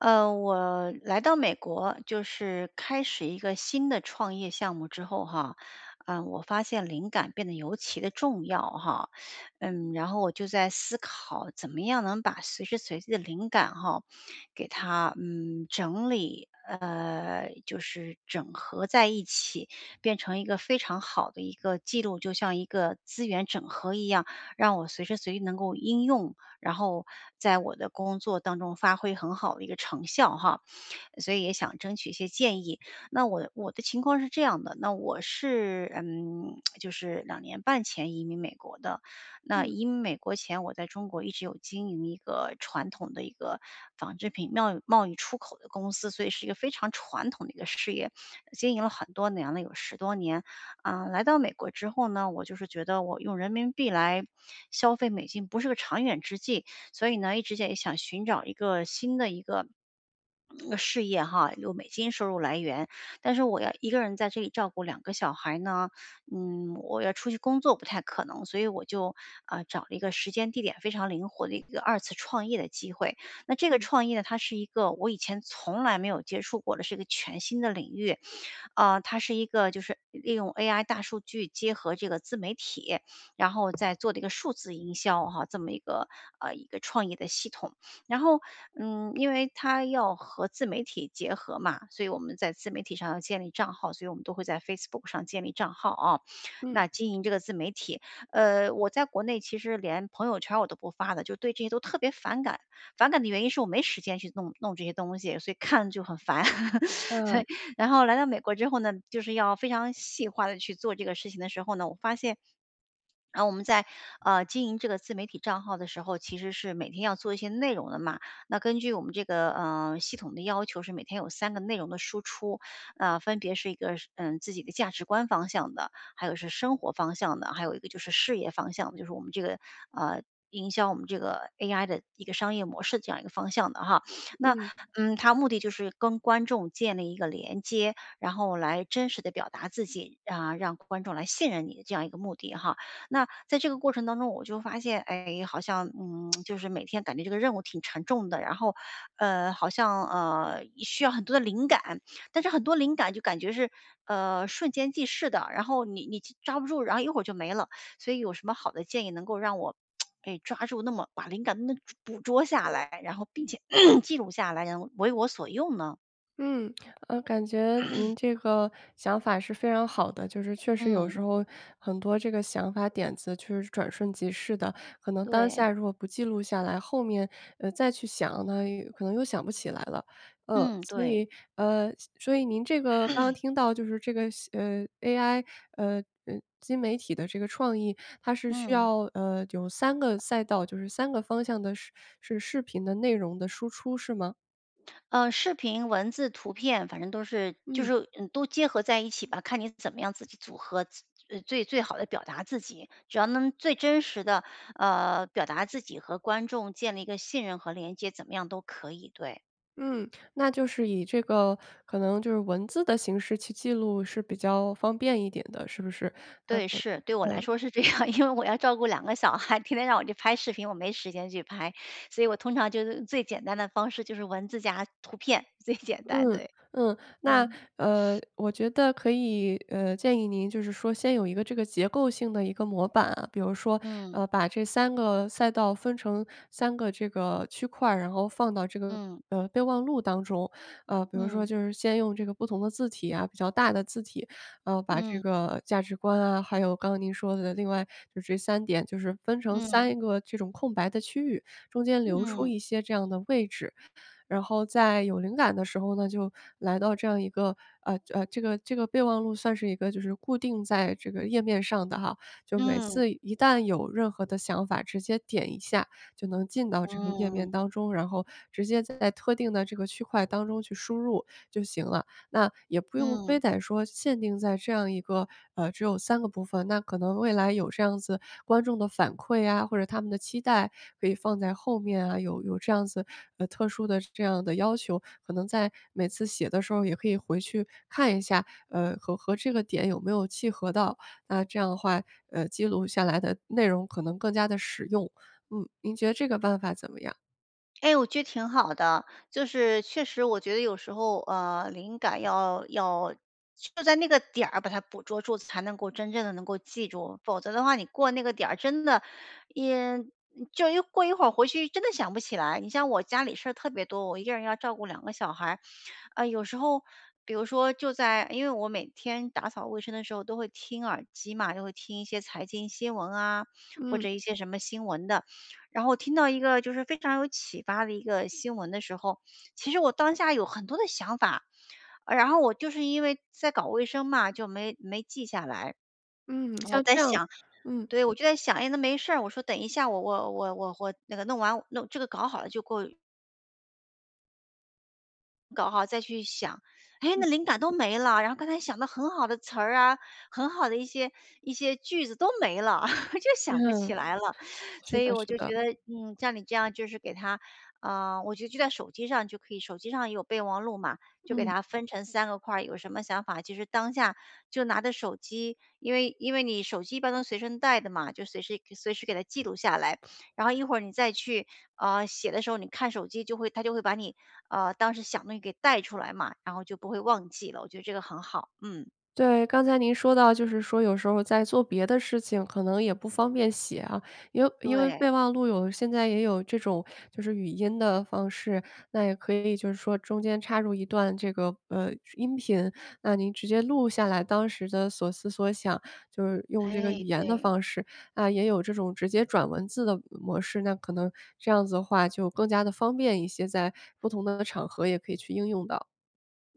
呃，我来到美国，就是开始一个新的创业项目之后哈，呃，我发现灵感变得尤其地重要哈。嗯，然后我就在思考怎么样能把随时随地的灵感吼，给它嗯，整理，呃，就是整合在一起，变成一个非常好的一个记录，就像一个资源整合一样，让我随时随地能够应用，然后在我的工作当中发挥很好的一个成效哈，所以也想争取一些建议。那我我的情况是这样的，那我是，嗯，就是2.5年前移民美国的。那嗯。移美国前，我在中国一直有经营一个传统的一个纺织品贸贸易出口的公司，所以是一个非常传统的一个事业，经营了很多年了，有10多年。嗯，来到美国之后呢，我就是觉得我用人民币来消费美金不是个长远之计，所以呢，一直在想寻找一个新的一个 嗯事业哈，有美金收入来源。但是我要1个人在这里照顾2个小孩呢，嗯，我要出去工作不太可能，所以我就呃，找了一个时间地点非常灵活的一个2次创业的机会。那这个嗯。创业它是一个我以前从来没有接触过的，是个全新的领域。呃，它是一个就是利用 AI 大数据结合这个自媒体，然后再做的一个数字营销哈，这么一个，呃一个创业的系统。然后，嗯，因为它要和自媒体结合嘛，所以我们在自媒体上要建立账号，所以我们都会在 Facebook 上建立账号哦，嗯。那经营这个自媒体。呃，我在国内其实连朋友圈儿我都不发的，就对这些都特别反感，反感的原因是我没时间去弄弄这些东西，所以看了就很烦，所嗯。以。然后来到美国之后呢，就是要非常细化地去做这个事情的时候呢，我发现 然后我们在呃，经营这个自媒体账号的时候，其实是每天要做一些内容的嘛，那根据我们这个，呃，系统的要求是每天有3个内容的输出。呃，分别是一个嗯，自己的价值观方向的，还有是生活方向的，还有一个就是事业方向，就是我们这个，呃，营销我们这个 AI 的一个商业模式这样一个方向的哈。那，嗯。嗯，它目的就是跟观众建立一个连接，然后来真实地表达自己，啊，让观众来信任你的这样一个目的哈。那在这个过程当中，我就发现，哎，好像，嗯，就是每天感觉这个任务挺沉重的，然后，呃好像，呃，需要很多的灵感，但是很多灵感就感觉是，呃，瞬间即逝的，然后你你抓不住，然后一会儿就没了。所以有什么好的建议能够让我 哎，抓住那么把灵感那捕捉下来，然后并且 记录下来，然后为我所用呢？嗯，呃，感觉 您这个想法是非常好的，就是确实有时嗯。候，很多这个想法点子确实是转瞬即逝的。可能当对。下如果不记录下来后面，呃，再去想呢，又可能又想不起来了。呃，嗯，所对。以呃，所以您这个刚刚 听到就是这个新呃，AI，呃呃，新媒体的这个创意，它是需嗯。要，呃，有3个赛道就是3个方向的是是视频的内容的输出是吗？呃，视频、文字、图片，反正都是就嗯。是，嗯，都结合在一起吧，看你怎么样自己组合，自最最好地表达自己。只要能最真实地，呃，表达自己，和观众建立一个信任和连接，怎么样都可以，对。嗯，那就是以这个可能就是文字的形式去记录是比较方便一点的，是不是？呃对，呃。是，对我来呃。说是这样，因为我要照顾2个小孩，天天让我去拍视频，我没时间去拍。所以我通常就是最简单的方式，就是文字加图片，最简单，嗯对。嗯。那，嗯。呃，我觉得可以，呃，建议您就是说，先有一个这个结构性的一个模板啊，比如说，嗯。呃，把这3个赛道分成3个这个区块儿，然后放到这个，嗯。呃，备忘录当中。呃，比如说嗯。就是先用这个不同的字体啊，比较大的字体，呃，把这嗯。个价值观啊还有刚刚您说的另外就这3点就是分成嗯。3个这种空白的区域，中间留出嗯。一些这样的位置。然后在有灵感的时候呢，就来到这样一个，呃呃这个这个备忘录算是一个就是固定在这个页面上的哈，就每嗯。次一旦有任何的想法，直接点一下就能进到这个页嗯。面当中，然后直接在特定的这个区块当中去输入就行了。那也不用非嗯。得说限定在这样一个，呃只有3个部分，那可能未来有这样子观众的反馈啊，或者他们的期待可以放在后面啊，有有这样子，呃，特殊的这样的要求，可能在每次写的时候也可以回去看一下，呃，和和这个点有没有契合到。那这样的话，呃，记录下来的内容可能更加地实用。嗯，您觉得这个办法怎么样？哎，我觉得挺好的。就是确实我觉得有时候，呃，灵感要要就在那个点儿，把它捕捉住，才能够真正地能够记住。否则的话，你过那个点儿，真的也就一过一会儿回去真的想不起来。你像我家里事儿特别多，我一个人要照顾2个小孩。唉，有时候比如说就在因为我每天打扫卫生的时候，都会听耳机嘛，就会听一些财经新闻啊，或嗯。者一些什么新闻的。然后听到一个就是非常有启发的一个新闻的时候，其实我当下有很多的想法。然后我就是因为在搞卫生嘛，就没没记下来。嗯，我像在这样想嗯。对，我就在想：“哎，那没事儿，我说等一下，我我我我我那个弄完，弄这个搞好了就过“搞好再去想，哎，那嗯。灵感都没啦！然后刚才想的很好的词儿啊，很好的一些一些句子都没了！就想不起嗯，来了，是所以的我是就的。觉得，嗯，像你这样就是给它啊，我就记在手机上就可以。手机上也有备忘录嘛，就给嗯。他分成3个块儿。有什么想法，其实当下就拿着手机，因为因为你手机一般能随身带的嘛，就随时随时给它记录下来。然后一会儿你再去，呃，写的时候，你看手机就会，它就会把你，呃，当时想的东西给带出来嘛，然后就不会忘记了，我觉得这个很好，嗯。对，刚才您说到就是说有时候在做别的事情，可能也不方便写啊，因为因为对。备忘录有现在也有这种就是语音的方式。那也可以就是说中间插入一段这个，呃，音频，那您直接录下来当时的所思所想，就是用这个语哎，言的对。方式，那也有这种直接转文字的模式。那可能这样子的话就更加地方便一些，在不同的场合也可以去应用到。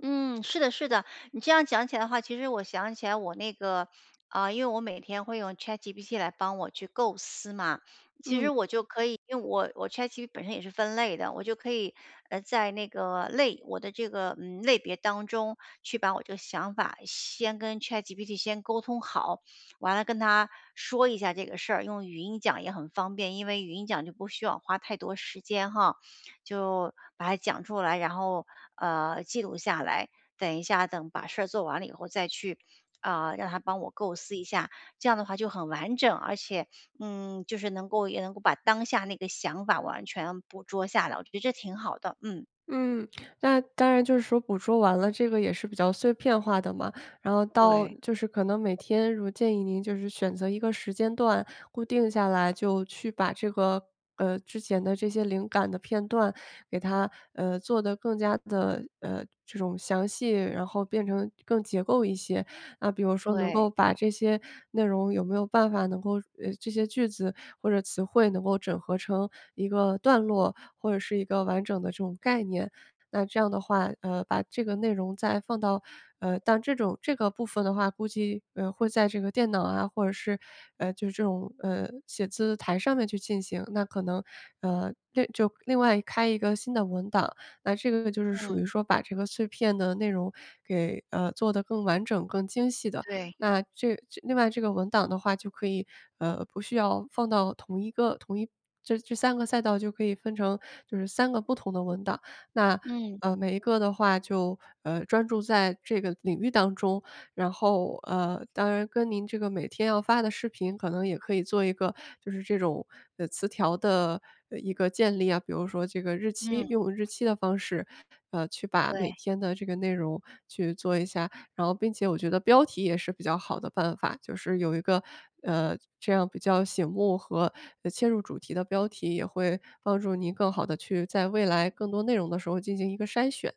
嗯，是的是的，你这样讲起来的话，其实我想起来我那个啊，因为我每天会用 ChatGPT 来帮我去构思嘛，其实嗯。我就可以因为我我 ChatGPT 本身也是分类的，我就可以，呃，在那个类我的这个，嗯，类别当中去把我这个想法先跟 ChatGPT 先沟通好，完了跟它说一下这个事儿，用语音讲也很方便，因为语音讲就不需要花太多时间哈。就把它讲出来，然后，呃，记录下来，等一下等把事儿做完了以后再去，啊，让它帮我构思一下。这样的话就很完整，而且，嗯，就是能够也能够把当下那个想法完全捕捉下来，我觉得这挺好的，嗯。嗯，那当然就是说捕捉完了这个也是比较碎片化的嘛，然后到对。就是可能每天如建议您就是选择一个时间段固定下来就去把这个呃，之前的这些灵感的片段给它呃，做得更加地，呃，这种详细，然后变成更结构一些。那比如说能对。够把这些内容有没有办法能够呃，这些句子或者词汇能够整合成一个段落？或者是一个完整的这种概念？那这样的话，呃，把这个内容再放到呃，但这种这个部分的话，估计，呃，会在这个电脑啊或者是，呃就是这种，呃，写字台上面去进行。那可能，呃这就另外开一个新的文档，那这个就是属嗯。于说把这个碎片的内容给，呃，做得更完整更精细的。对。那这另外这个文档的话就可以，呃，不需要放到同一个同一这这3个小赛道就可以分成就是3个不同的文档，那，嗯。呃，每一个的话就，呃，专注在这个领域当中，然后，呃，当然跟您这个每天要发的视频可能也可以做一个就是这种词条的一个建立啊。比如说这个日期嗯。用日期的方式，呃，去把每对。天的这个内容去做一下，然后并且我觉得标题也是比较好的办法，就是有一个，呃，这样比较醒目和切入主题的标题，也会帮助您更好地去在未来更多内容的时候进行一个筛选。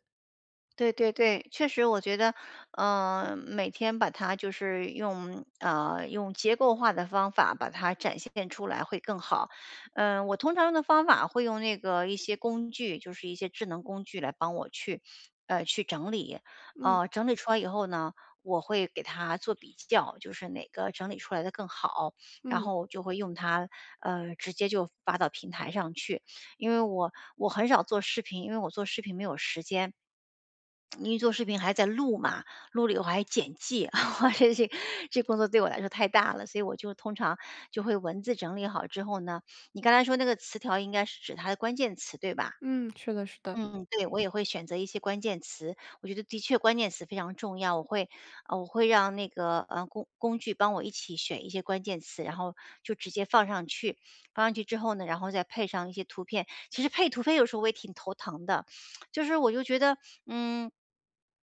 对对对。确实我觉得，呃，每天把它就是用，呃，用结构化的方法把它展现出来会更好。嗯，我通常的方法会用那个一些工具，就是一些智能工具来帮我去，呃，去整理。嗯。呃，整理出来以后呢，我会给它做比较，就是哪个整理出来的更好，然嗯。后就会用它，呃，直接就发到平台上去。因为我我很少做视频，因为我做视频没有时间。因为做视频还在录嘛，录了以后还要剪辑。这工作对我来说太大了，所以我就通常就会文字整理好之后呢你刚才说那个词条应该是指它的关键词，对吧？嗯，是的是的。嗯嗯，对，我也会选择一些关键词，我觉得的确关键词非常重要。我会呃，我会让那个，呃，工工具帮我一起选一些关键词，然后就直接放上去。放上去之后呢，然后再配上一些图片。其实配图片有时候我也挺头疼的，就是我就觉得，嗯，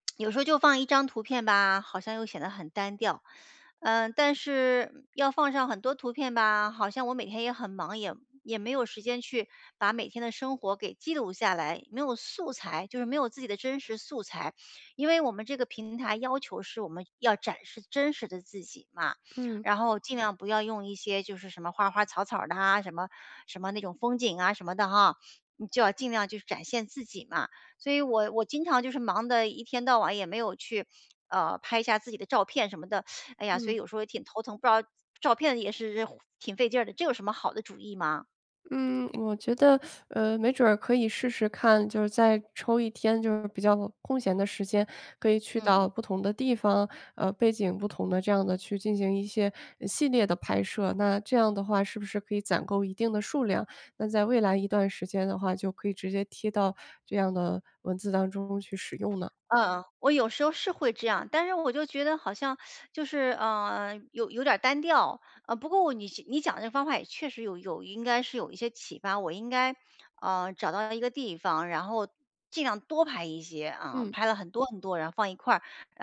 有时候就放1张图片吧，好像又显得很单调。呃，但是，嗯，要放上很多图片吧，好像我每天也很忙，也也没有时间去把每天的生活给记录下来，没有素材，就是没有自己的真实素材。因为我们这个平台要求是我们要展示真实的自己嘛，嗯。然后尽量不要用一些就是什么花花草草儿的啊，什么什么那种风景啊什么的哈，你就要尽量去展现自己嘛。所以我我经常就是忙得一天到晚也没有去，呃，拍下自己的照片什么的。哎呀，所以嗯。有时候也挺头疼，不知道照片也是挺费劲的。这有什么好的主意吗？嗯，我觉得，呃，没准儿可以试试看，就是在抽一天就是比较空闲的时间，可以去嗯。到不同的地方，呃背景不同的这样地去进行一些呃系列的拍摄，那这样的话是不是可以攒够一定的数量，那在未来一段时间的话就可以直接贴到这样的文字当中去使用呢？嗯，我有时候是会这样，但是我就觉得好像 就是，呃，有有点儿单调。呃，不过你你讲的方法也确实有有应该是有一些启发，我应该，呃，找到一个地方，然后尽量多拍一些啊，嗯。拍了很多很多，然后放一块儿，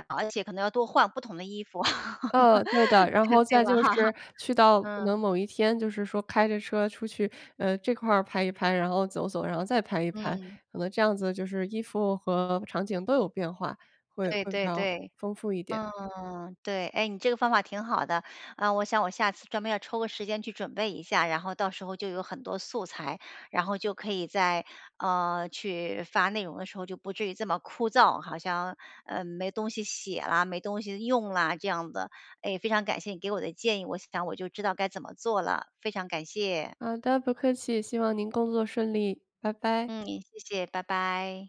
而且可能要多换不同的衣服。呃，对的，然这后对再吧？就是去到可能嗯。某一天就是说开着车出去，呃，这块儿拍一拍，然后走走，然后再拍一拍，嗯。可能这样子就是衣服和场景都有变化，会对会比对较对。丰富一点。嗯，对，哎，你这个方法挺好的。呃，我想我下次专门要抽个时间去准备一下，然后到时候就有很多素材，然后就可以在，呃，去发内容的时候，就不至于这么枯燥，好像，嗯，没东西写啦，没东西用啦，这样的。哎，非常感谢你给我的建议，我想我就知道该怎么做了，非常感谢。好的，不客气，希望您工作顺利。拜拜。嗯，谢谢，拜拜。